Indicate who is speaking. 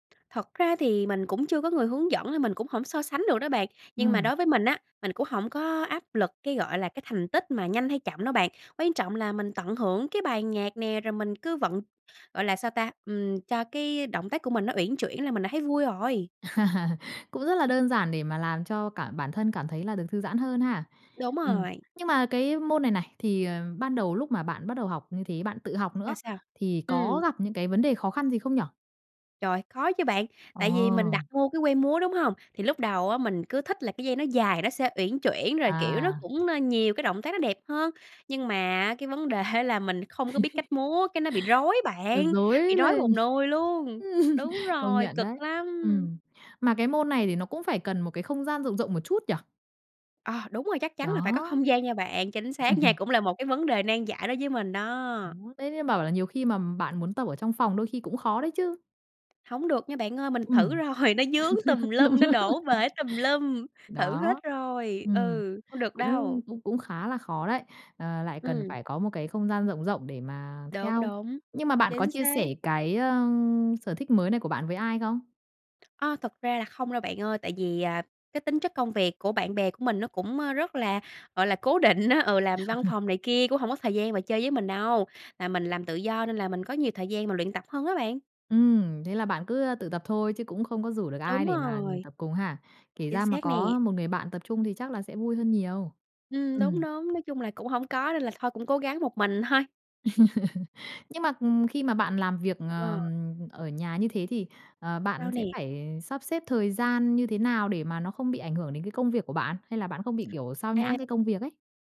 Speaker 1: Thật ra thì mình cũng chưa có người hướng dẫn nên mình cũng hổng so sánh được đó bạn. Nhưng mà
Speaker 2: Ừm.
Speaker 1: đối với mình á, mình cũng hổng có áp lực cái, gọi là, cái thành tích mà nhanh hay chậm đâu bạn, quan trọng là mình tận hưởng cái bài nhạc nè, rồi mình cứ vận gọi là sao ta, ừm, cho cái động tác của mình nó uyển chuyển là mình đã thấy vui rồi.
Speaker 2: Cũng rất là đơn giản để mà làm cho cả bản thân cảm thấy là được thư giãn hơn ha.
Speaker 1: Đúng
Speaker 2: Ừm.
Speaker 1: rồi.
Speaker 2: Nhưng mà cái môn này này, thì, à, ban đầu lúc mà bạn bắt đầu học như thế, bạn tự học nữa,
Speaker 1: Ra sao?
Speaker 2: thì có
Speaker 1: Ừm.
Speaker 2: gặp những cái vấn đề khó khăn gì không nhỉ?
Speaker 1: Trời, khó chứ bạn, tại vì mình
Speaker 2: Ờ.
Speaker 1: đặt mua cái que múa, đúng hông? Thì lúc đầu á, mình cứ thích là cái dây nó dài nó sẽ uyển chuyển rồi, kiểu, nó
Speaker 2: À.
Speaker 1: cũng, a, nhiều cái động tác nó đẹp hơn, nhưng mà á, cái vấn đề á, là mình không có biết cách múa cái nó bị rối
Speaker 2: Ờ,
Speaker 1: bạn,
Speaker 2: rối
Speaker 1: bị rối
Speaker 2: lên.
Speaker 1: một
Speaker 2: Ừm.
Speaker 1: nùi luôn. Đúng
Speaker 2: Công
Speaker 1: rồi,
Speaker 2: nhận
Speaker 1: cực
Speaker 2: đấy.
Speaker 1: lắm.
Speaker 2: Ừm, mà cái môn này thì nó cũng phải cần một cái không gian rộng rộng một chút nhỉ?
Speaker 1: Ờ, đúng rồi, chắc chắn là phải có
Speaker 2: Đó.
Speaker 1: không gian nha bạn. Chính xác nha, cũng là một cái vấn đề nan giải đối với mình
Speaker 2: Đó,
Speaker 1: đó.
Speaker 2: đấy thế bảo là nhiều khi mà bạn muốn tập ở trong phòng đôi khi cũng khó đấy chứ.
Speaker 1: Hổng được nha bạn ơi, mình thử
Speaker 2: Ừm.
Speaker 1: rồi, nó vướng tùm
Speaker 2: Nó vướng.
Speaker 1: lum, nó đổ bể tùm lum. Thử hết
Speaker 2: Đó.
Speaker 1: rồi,
Speaker 2: Ừm.
Speaker 1: ừ, không được
Speaker 2: Cũng
Speaker 1: đâu.
Speaker 2: cũng cũng khá là khó đấy, ờ, lại cần
Speaker 1: Ừm.
Speaker 2: phải có một cái không gian rộng rộng để mà
Speaker 1: Đúng,
Speaker 2: theo.
Speaker 1: đúng.
Speaker 2: Nhưng mà bạn có
Speaker 1: Chính
Speaker 2: chia sẻ
Speaker 1: xác.
Speaker 2: cái, a, sở thích mới này của bạn với ai không?
Speaker 1: A, thực ra là không đâu bạn ơi, tại vì, à, cái tính chất công việc của bạn bè của mình nó cũng, a, rất là, gọi là, cố định á. Ừ, làm văn phòng này kia cũng hổng có thời gian mà chơi với mình đâu, là mình làm tự do nên là mình có nhiều thời gian mà luyện tập hơn á bạn.
Speaker 2: Ừm, thế là bạn cứ, a, tự tập thôi chứ cũng không có rủ được ai
Speaker 1: Đúng
Speaker 2: để mà, ừm,
Speaker 1: rồi.
Speaker 2: tập cùng ha? Kể
Speaker 1: Chính
Speaker 2: ra mà
Speaker 1: xác nè.
Speaker 2: có một người bạn tập chung thì chắc là sẽ vui hơn nhiều.
Speaker 1: Ừm, đúng,
Speaker 2: Ừm.
Speaker 1: đúng, nói chung là cũng hổng có nên là thôi cũng cố gắng một mình thôi.
Speaker 2: Nhưng mà, ừm, khi mà bạn làm việc, ờ,
Speaker 1: Ờ.
Speaker 2: ở nhà như thế thì, ờ,
Speaker 1: Sao
Speaker 2: bạn sẽ
Speaker 1: nè?
Speaker 2: phải sắp xếp thời gian như thế nào để mà nó không bị ảnh hưởng đến cái công việc của bạn, hay là bạn không bị, kiểu, sao nhãng
Speaker 1: À.
Speaker 2: cái công việc ấy?